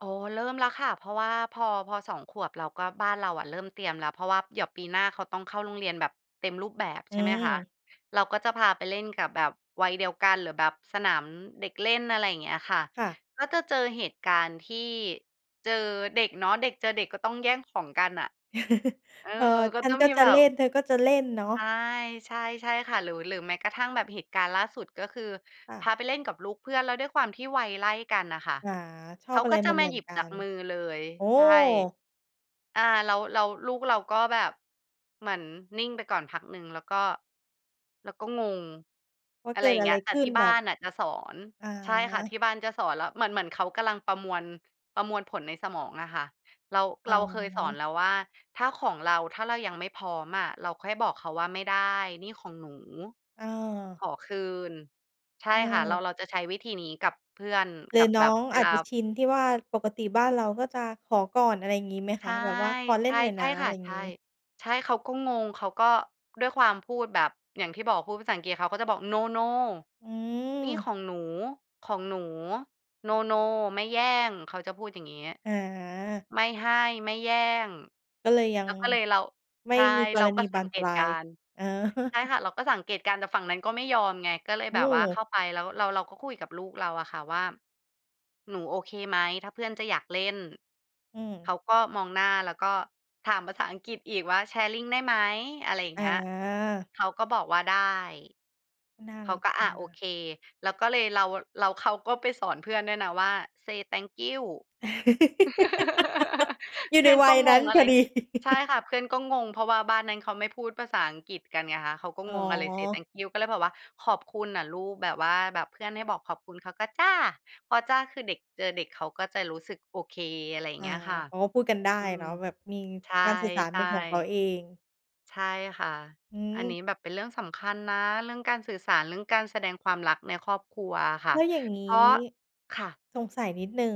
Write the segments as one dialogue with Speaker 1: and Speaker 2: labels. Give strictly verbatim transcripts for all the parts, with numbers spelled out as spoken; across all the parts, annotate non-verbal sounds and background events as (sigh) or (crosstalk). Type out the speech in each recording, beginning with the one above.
Speaker 1: อ๋อ เริ่มแล้วค่ะ เพราะว่าพอ พอ สอง ขวบเราก็ บ้านเราอะเริ่มเตรียมแล้ว เพราะว่าเดี๋ยวปีหน้าเขาต้องเข้าโรงเรียนแบบเต็มรูปแบบ
Speaker 2: อ
Speaker 1: ใ
Speaker 2: ื
Speaker 1: ช่ไหมคะ?
Speaker 2: ม
Speaker 1: เราก็จะพาไปเล่นกับแบบวัยเดียวกัน หรือแบบสนามเด็กเล่น อะไรอย่างเงี้ยค่ะ
Speaker 2: ค่ะ
Speaker 1: ก็จะเจอเหตุการณ์ที่ เจอเด็กเนาะ เด็กเจอเด็ก ก็ต้องแย่งของกันน่ะ
Speaker 2: (laughs)
Speaker 1: เอ่อ
Speaker 2: เอ่อ
Speaker 1: ก็
Speaker 2: ฉั
Speaker 1: ต
Speaker 2: น
Speaker 1: ้อง
Speaker 2: ก็
Speaker 1: มี
Speaker 2: จะ
Speaker 1: แบ
Speaker 2: เล
Speaker 1: บ
Speaker 2: ่น เธอก็จะเล่นเนาะ
Speaker 1: ใช่ ใช่ ใช่ค่ะ หรือ หรือแม้กระทั่งแบบเหตุการณ์ล่าสุด ก็คือ
Speaker 2: ค่
Speaker 1: พ
Speaker 2: ะ
Speaker 1: าไปเล่นกับลูกเพื่อน แล้วด้วยความที่วัยไล่กันอะค่ะ
Speaker 2: อ่า ช
Speaker 1: เ
Speaker 2: อ
Speaker 1: ข
Speaker 2: บ
Speaker 1: า
Speaker 2: อะไ
Speaker 1: ก
Speaker 2: ร
Speaker 1: ็จ
Speaker 2: เห
Speaker 1: ะมา
Speaker 2: มือ
Speaker 1: หย
Speaker 2: น
Speaker 1: ิบ
Speaker 2: ๆ กั
Speaker 1: จาก
Speaker 2: น
Speaker 1: มือเลย
Speaker 2: โอ้!
Speaker 1: ใช่ อ่า แล้ว แล้วลูกเราก็แบบ เหมือนนิ่งไปก่อนพักหนึ่งแล้วก็ แล้วก็งง
Speaker 2: ว่า
Speaker 1: อะ
Speaker 2: เ
Speaker 1: ไ
Speaker 2: ก
Speaker 1: ร
Speaker 2: ิ
Speaker 1: อ
Speaker 2: ด
Speaker 1: ย่าง
Speaker 2: อะ
Speaker 1: เง
Speaker 2: ไ
Speaker 1: ี
Speaker 2: ร
Speaker 1: ้ย แต
Speaker 2: ข
Speaker 1: ่
Speaker 2: ึ้
Speaker 1: ท
Speaker 2: น
Speaker 1: ี่
Speaker 2: แ
Speaker 1: บ
Speaker 2: บ
Speaker 1: ้า
Speaker 2: บ
Speaker 1: นน่ะจะสอน
Speaker 2: อา
Speaker 1: ใช่ค่ะ ที่บ้านจะสอน แล้วเหมือน เหมือนเขากำลังประมวล ประมวลผลในสมองอะค่ะ เรา
Speaker 2: อ
Speaker 1: เ
Speaker 2: ๋
Speaker 1: ราเคยสอน
Speaker 2: อ
Speaker 1: แล้วว่า ถ้าของเรา ถ้าเรายังไม่พร้อมอะ เราค่อยบอกเขาว่าไม่ได้ นี่ของหนู
Speaker 2: เอ
Speaker 1: ข
Speaker 2: อ
Speaker 1: อคืน ใช่
Speaker 2: เ
Speaker 1: ค่ะ เรา
Speaker 2: ออ
Speaker 1: เราจะใช้วิธีนี้กับเพื่อน
Speaker 2: หรื
Speaker 1: กั
Speaker 2: อ
Speaker 1: บ
Speaker 2: น
Speaker 1: แ
Speaker 2: ้
Speaker 1: บ
Speaker 2: อ
Speaker 1: บ
Speaker 2: ง
Speaker 1: เว
Speaker 2: อา
Speaker 1: ล
Speaker 2: จ
Speaker 1: า
Speaker 2: จะชินที่ว่า ปกติบ้านเราก็จะขอก่อน อะไรอย่างงี้ไหม
Speaker 1: ใช
Speaker 2: คะ?
Speaker 1: ่
Speaker 2: แบบว่าขอเล
Speaker 1: ใ
Speaker 2: ่
Speaker 1: ช
Speaker 2: น
Speaker 1: ่
Speaker 2: หน่อย
Speaker 1: ใช
Speaker 2: น
Speaker 1: ่
Speaker 2: ะ อ
Speaker 1: ค
Speaker 2: ะ
Speaker 1: ่
Speaker 2: ไร
Speaker 1: ะ ใช
Speaker 2: ง
Speaker 1: ่
Speaker 2: ี้
Speaker 1: ใช่ เขาก็งง เขาก็ด้วยความ พูดแบบ อย่างที่บอกพูดภาษาอังกฤษเขาก็จะบอก "no no
Speaker 2: อื
Speaker 1: นี่ข
Speaker 2: ม
Speaker 1: องหนู ของหนู no no ไม่แย่ง" เขาจะพูดอย่างงี้
Speaker 2: อา
Speaker 1: ไม่ให้ ไม่แย่ง
Speaker 2: ก็เลยยั
Speaker 1: แ
Speaker 2: ง
Speaker 1: ล้วก็เลยเรา
Speaker 2: ไม
Speaker 1: ใ
Speaker 2: ่
Speaker 1: ช่
Speaker 2: มีก
Speaker 1: เรา
Speaker 2: รณ
Speaker 1: ก
Speaker 2: ี
Speaker 1: ็
Speaker 2: บ
Speaker 1: ส
Speaker 2: า
Speaker 1: ัง
Speaker 2: น
Speaker 1: เก
Speaker 2: ปล
Speaker 1: ต
Speaker 2: า
Speaker 1: ุกา
Speaker 2: ย
Speaker 1: รณ์
Speaker 2: อ๋อ
Speaker 1: ใช่ค่ะ เราก็สังเกตุการณ์ แต่ฝั่งนั้นก็ไม่ยอมไง ก็เลย
Speaker 2: โอ
Speaker 1: แบบว่าเข
Speaker 2: ้
Speaker 1: ้าไปแล้ว เรา เราก็คุยกับลูกเราอะค่ะว่า หนูโอเคไหม? ถ้าเพื่อนจะอยากเล่น
Speaker 2: อื
Speaker 1: เ
Speaker 2: ม
Speaker 1: ขาก็มองหน้าแล้วก็ ถามภาษาอังกฤษอีกว่า "sharing ได้ไหม?" อะไรอย่า
Speaker 2: อ
Speaker 1: งเงี้ย
Speaker 2: า
Speaker 1: เขาก็บอกว่า "ได้"
Speaker 2: น่า
Speaker 1: เข
Speaker 2: ร
Speaker 1: า
Speaker 2: ัก
Speaker 1: ก็
Speaker 2: อย
Speaker 1: อ
Speaker 2: ู่
Speaker 1: ะ
Speaker 2: น
Speaker 1: โอ
Speaker 2: ะ
Speaker 1: เค แล้วก็เลย เรา แล้วเขาก็ไปสอนเพื่อนด้วยนะว่า "say thank you" (laughs)
Speaker 2: (laughs) อยู่
Speaker 1: เพ
Speaker 2: ใน
Speaker 1: ื่อน
Speaker 2: วั
Speaker 1: ก็
Speaker 2: ย
Speaker 1: ง
Speaker 2: นั้น
Speaker 1: งอ
Speaker 2: พ
Speaker 1: ะไร
Speaker 2: อด
Speaker 1: ช
Speaker 2: ี
Speaker 1: ใช่
Speaker 2: (laughs)
Speaker 1: ค่ะ เพื่อนก็งง เพราะว่าบ้านนั้นเขาไม่พูดภาษาอังกฤษกันไงคะ เขาก็
Speaker 2: อ๋อ
Speaker 1: งงอะไร say thank you ก็เลยบอกว่า "ขอบคุณอะลูก" แบบว่าแบบเพื่อนให้บอกขอบคุณเขาก็ "จ้ะ" พอจ้ะ คือเด็กเจอเด็กเขาก็จะรู้สึกโอเค อะไรอย่า
Speaker 2: อ
Speaker 1: ง
Speaker 2: า
Speaker 1: เงี้ยค่ะ
Speaker 2: เขาก็พูดกันได้
Speaker 1: อื
Speaker 2: เน
Speaker 1: ม
Speaker 2: าะ แบบมี
Speaker 1: ใช่
Speaker 2: การสื่อสาร
Speaker 1: ใช
Speaker 2: เป
Speaker 1: ่
Speaker 2: ็นของเขาเอง
Speaker 1: ใช่ค่ะ
Speaker 2: อื
Speaker 1: อันนี
Speaker 2: ม
Speaker 1: ้แบบเป็นเรื่องสำคัญนะ เรื่องการสื่อสาร เรื่องการแสดงความรักในครอบครัวอะค่
Speaker 2: แ
Speaker 1: ะ
Speaker 2: ล้วอย่างง
Speaker 1: เพร
Speaker 2: ี
Speaker 1: า
Speaker 2: ้
Speaker 1: ะ ค่ะ
Speaker 2: สงสัยนิดหนึ่ง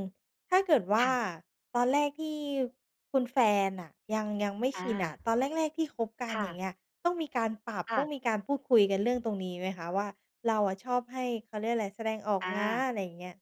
Speaker 2: ถ้าเกิดว่
Speaker 1: ค
Speaker 2: า
Speaker 1: ่ะ
Speaker 2: ตอนแรกที่คุณแฟนน่ะ ยัง ยังไม่
Speaker 1: อ
Speaker 2: ชินอะ
Speaker 1: า
Speaker 2: ตอนแรก ๆ ที่คบกั
Speaker 1: ค
Speaker 2: น
Speaker 1: ่
Speaker 2: อย
Speaker 1: ะ
Speaker 2: ่างเงี้ย ต้องมีการปรับ
Speaker 1: ค่
Speaker 2: ต
Speaker 1: ะ
Speaker 2: ้องมีการพูดคุยกันเรื่องตรงนี้ไหมคะ? ว่า เราอะชอบให้ เขาเรียกอะไร แสดงออก
Speaker 1: อ
Speaker 2: นะ
Speaker 1: า
Speaker 2: อะไรอย่างเงี้ย